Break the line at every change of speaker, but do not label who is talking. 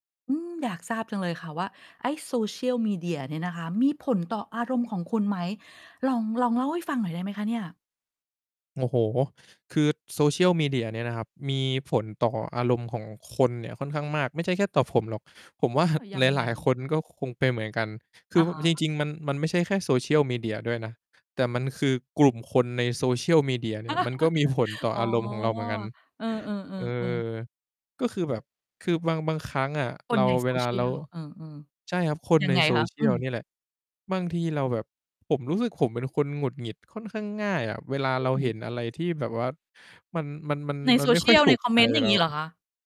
อืม อยากทราบจังเลยค่ะว่า ไอ้โซเชียลมีเดียเนี่ยนะคะ มีผลต่ออารมณ์ของคุณไหม? ลอง ลองเล่าให้ฟังหน่อยได้ไหมคะเนี่ย?
โอ้โฮ คือโซเชียลมีเดียเนี่ยนะครับ มีผลต่ออารมณ์ของคนเนี่ยค่อนข้างมาก ไม่ใช่แค่ต่อผมหรอก ผมว่า
เออ ยั
ห
งไ
ลาย ๆ ค
ง
นก็คงเป็นเหมือนกัน คื
อ
อ
ะ ฮะ
จริง ๆ มัน มันไม่ใช่แค่โซเชียลมีเดียด้วยนะ แต่มันคือกลุ่มคนในโซเชียลมีเดียเนี่ย มันก็มีผลต่อ
อ๋อ
อารมณ์ของเราเหมือนกัน
เออ
เออ
ๆ ๆ ๆ
ก็คือแบบคือบาง บางครั้งอะ
ค
เร
น
า
ใน โ
เว
ซ
ลา
เชี
เร
ย
า
ล เออ
ใช่ครับ คน
ๆ ยั
ใน
งไง
โซ
คะ?
เชี
อ
ย
ื
ล เน
ม
ี่ยแหละ บางทีเราแบบ ผมรู้สึก ผมเป็นคนหงุดหงิดค่อนข้างง่ายอะ เวลาเรา
อื
เห็
ม
นอะไรที่แบบว่ามัน มัน มัน
ใน
มั
โซ
นไม่
เช
ค
ี
่อย
ยล
ถู
ใน
ก
คอม
ใจ
เมนต์ อย่
เ
า
ร
ง
า
งี้เหรอคะ?